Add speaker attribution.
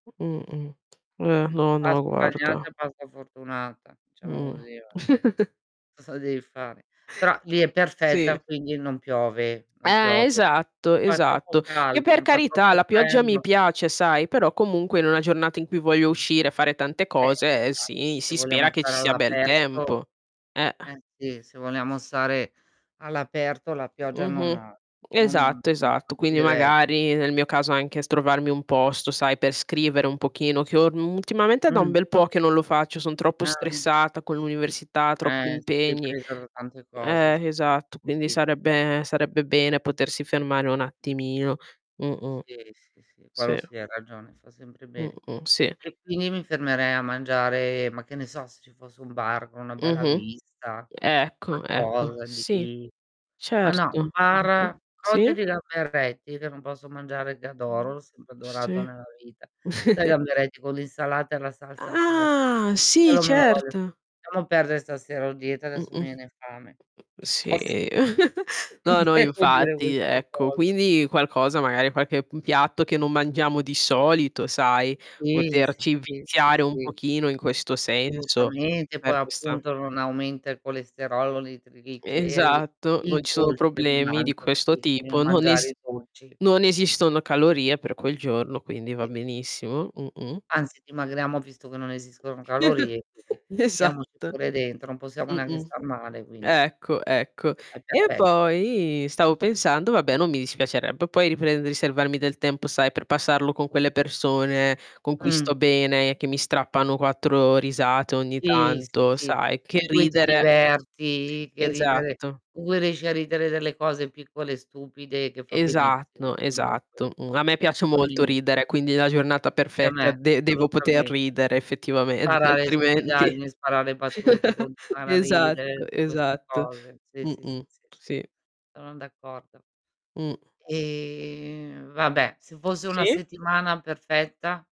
Speaker 1: Mh-mh. Eh,
Speaker 2: Mhmm,
Speaker 1: no, no
Speaker 2: pasta bagnata
Speaker 1: guarda.
Speaker 2: e pasta fortunata, diciamo
Speaker 1: Mh.
Speaker 2: così va. Cosa devi fare? Però lì è perfetta
Speaker 1: Sì.
Speaker 2: quindi non piove non
Speaker 1: Eh,
Speaker 2: piove.
Speaker 1: esatto,
Speaker 2: Non fa troppo
Speaker 1: esatto. Che
Speaker 2: caldo,
Speaker 1: per
Speaker 2: non fa
Speaker 1: carità
Speaker 2: troppo
Speaker 1: la pioggia mi
Speaker 2: freddo.
Speaker 1: piace sai, però comunque in una giornata in cui voglio uscire e fare tante
Speaker 2: Eh
Speaker 1: cose, ehm,
Speaker 2: esatto,
Speaker 1: sì
Speaker 2: se
Speaker 1: si spera
Speaker 2: vogliamo
Speaker 1: che ci
Speaker 2: stare
Speaker 1: sia bel
Speaker 2: all'aperto
Speaker 1: tempo. Eh.
Speaker 2: eh, sì se vogliamo stare all'aperto la pioggia non
Speaker 1: Mh-mh.
Speaker 2: non n
Speaker 1: Esatto, esatto.
Speaker 2: non ci
Speaker 1: Quindi
Speaker 2: deve essere.
Speaker 1: magari nel mio caso anche s trovarmi un posto sai per scrivere un pochino che orm ultimamente è da un
Speaker 2: Mh.
Speaker 1: bel po' che non lo faccio, son troppo
Speaker 2: Ah.
Speaker 1: stressata con l'università, troppi
Speaker 2: Eh, se sei
Speaker 1: impegni,
Speaker 2: presa da
Speaker 1: co
Speaker 2: tante cose s
Speaker 1: eh, esatto quindi
Speaker 2: [unintelligible]
Speaker 1: sarebbe sarebbe bene potersi fermare un attimino. Mh-mh.
Speaker 2: Sì, sì, sì, quello
Speaker 1: Sì.
Speaker 2: sì hai ragione, fa sempre bene.
Speaker 1: Mh-mh, sì.
Speaker 2: E quindi mi fermerei a mangiare, ma che ne so, se ci fosse un bar con una bella
Speaker 1: Mh-mh.
Speaker 2: vista,
Speaker 1: Ecco, ecco.
Speaker 2: qualcosa
Speaker 1: Sì,
Speaker 2: di ma no un
Speaker 1: certo.
Speaker 2: bar
Speaker 1: Mh-mh,
Speaker 2: cotte di
Speaker 1: sì.
Speaker 2: gamberetti che non posso mangiare che adoro,
Speaker 1: Mh,
Speaker 2: l'ho sempre adorato
Speaker 1: sì.
Speaker 2: nella vita. Sai i gamberetti con l'insalata e la salsa cot
Speaker 1: Ah, sì,
Speaker 2: quello me lo voglio
Speaker 1: certo.
Speaker 2: lasciamo perdere stasera ho dieta adesso mi
Speaker 1: Mh-mh.
Speaker 2: viene fame. Cioè
Speaker 1: Sì,
Speaker 2: poss Non
Speaker 1: no, no
Speaker 2: devo dire
Speaker 1: infatti
Speaker 2: queste
Speaker 1: ecco.
Speaker 2: cose.
Speaker 1: Quindi qualcosa, magari qualche p piatto che non mangiamo di solito sai,
Speaker 2: Sì, sì,
Speaker 1: poterci
Speaker 2: sì, sì,
Speaker 1: viziare un
Speaker 2: sì.
Speaker 1: pochino in questo senso,
Speaker 2: Assolutamente poi
Speaker 1: per questa
Speaker 2: appunto non aumenta il colesterolo, li i trigliceri
Speaker 1: Esatto, non
Speaker 2: il
Speaker 1: ci sono
Speaker 2: dolce mi
Speaker 1: problemi di
Speaker 2: mangio,
Speaker 1: questo
Speaker 2: capisci,
Speaker 1: tipo,
Speaker 2: [unintelligible]
Speaker 1: non
Speaker 2: mangiare
Speaker 1: esi
Speaker 2: i dolci.
Speaker 1: non esistono calorie per quel giorno quindi va
Speaker 2: Che
Speaker 1: benissimo. Mh-mh
Speaker 2: Anzi dimagriamo visto che non esistono calorie quindi, diamoci
Speaker 1: Esatto.
Speaker 2: pure dentro non possiamo neanche
Speaker 1: Mh-mh,
Speaker 2: star male quindi
Speaker 1: ecco, ecco.
Speaker 2: è
Speaker 1: E
Speaker 2: perfetto.
Speaker 1: poi stavo pensando vabbè non mi dispiacerebbe poi riprendere riservarmi del tempo sai, per passarlo con quelle persone con cui
Speaker 2: Mh.
Speaker 1: sto bene che mi strappano 4 risate ogni
Speaker 2: Sì, sì,
Speaker 1: tanto,
Speaker 2: sì,
Speaker 1: sai, che
Speaker 2: in cui ti
Speaker 1: ridere
Speaker 2: diverti, che ridere,
Speaker 1: Esatto.
Speaker 2: con cui riesci a ridere delle cose piccole e stupide che fa
Speaker 1: Esatto,
Speaker 2: benissimo comunque,
Speaker 1: esatto. Uhm, a me piace
Speaker 2: fa
Speaker 1: molto
Speaker 2: benissimo.
Speaker 1: ridere quindi la giornata
Speaker 2: E a
Speaker 1: perfetta
Speaker 2: me
Speaker 1: de devo poter
Speaker 2: assolutamente.
Speaker 1: ridere effettivamente
Speaker 2: Sparare le
Speaker 1: altrimenti
Speaker 2: stupidaggini, sparare battute, continuare a ridere,
Speaker 1: esatto,
Speaker 2: tutte queste
Speaker 1: esatto.
Speaker 2: cose. Sì, sì, sì,
Speaker 1: Mh-mh,
Speaker 2: sì, sì.
Speaker 1: sì.
Speaker 2: Sono d'accordo.
Speaker 1: Mh.
Speaker 2: Ehm, vabbè se fosse una
Speaker 1: Sì?
Speaker 2: settimana perfetta?